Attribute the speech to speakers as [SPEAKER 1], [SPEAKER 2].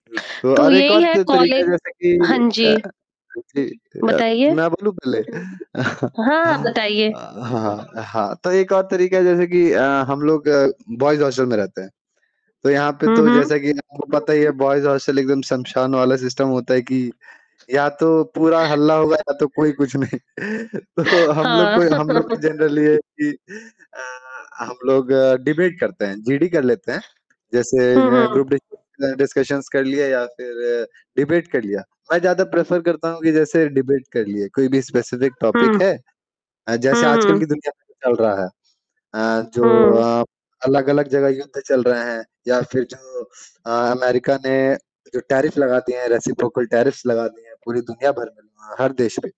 [SPEAKER 1] उ तो
[SPEAKER 2] तो
[SPEAKER 1] और एक और
[SPEAKER 2] यही है
[SPEAKER 1] त तरीका
[SPEAKER 2] कॉलेज
[SPEAKER 1] जैसे
[SPEAKER 2] हाँ
[SPEAKER 1] कि
[SPEAKER 2] जी।
[SPEAKER 1] अ, जी अ,
[SPEAKER 2] बताइए?
[SPEAKER 1] मैं बोलूँ पहले अ,
[SPEAKER 2] हाँ, बताइए।
[SPEAKER 1] हाँ अ, हाँ, तो एक और तरीका जैसे कि अ, हम लोग बॉयज़ हॉस्टल में रहते हैं। तो यहाँ पे
[SPEAKER 2] हुँ,
[SPEAKER 1] तो
[SPEAKER 2] हुँ।
[SPEAKER 1] जैसा कि आपको पता ही है बॉयज़ हॉस्टल एकदम श्मशान वाला सिस्टम होता है कि, या तो पूरा हल्ला होगा या तो कोई कुछ नहीं। तो हम लोग
[SPEAKER 2] हाँ।
[SPEAKER 1] को हम लोग के जनरली ये है कि अ, हम लोग डिबेट करते हैं, जीडी कर लेते हैं। जैसे
[SPEAKER 2] हुँ,
[SPEAKER 1] अ, ग्रुप
[SPEAKER 2] हुँ।
[SPEAKER 1] डिस्क डिस्कशन्स कर लिया या फिर डिबेट कर लिया। मैं ज़्यादा प्रेफ़र करता हूँ कि जैसे डिबेट कर लिए, कोई भी स्पेसिफ़िक
[SPEAKER 2] हुँ।
[SPEAKER 1] टॉपिक है अ, जैसे
[SPEAKER 2] हुँ,
[SPEAKER 1] आजकल की
[SPEAKER 2] हुँ।
[SPEAKER 1] दुनिया में जो चल रहा है। अ, जो
[SPEAKER 2] हुँ।
[SPEAKER 1] अ, अलग-अलग जगह युद्ध चल रहे हैं या फिर जो अ, अमेरिका ने जो टैरिफ लगा दिए हैं रेसिप्रोकल टैरिफ लगा दिए हैं, पूरी दुनिया भर में अ, हर देश भी।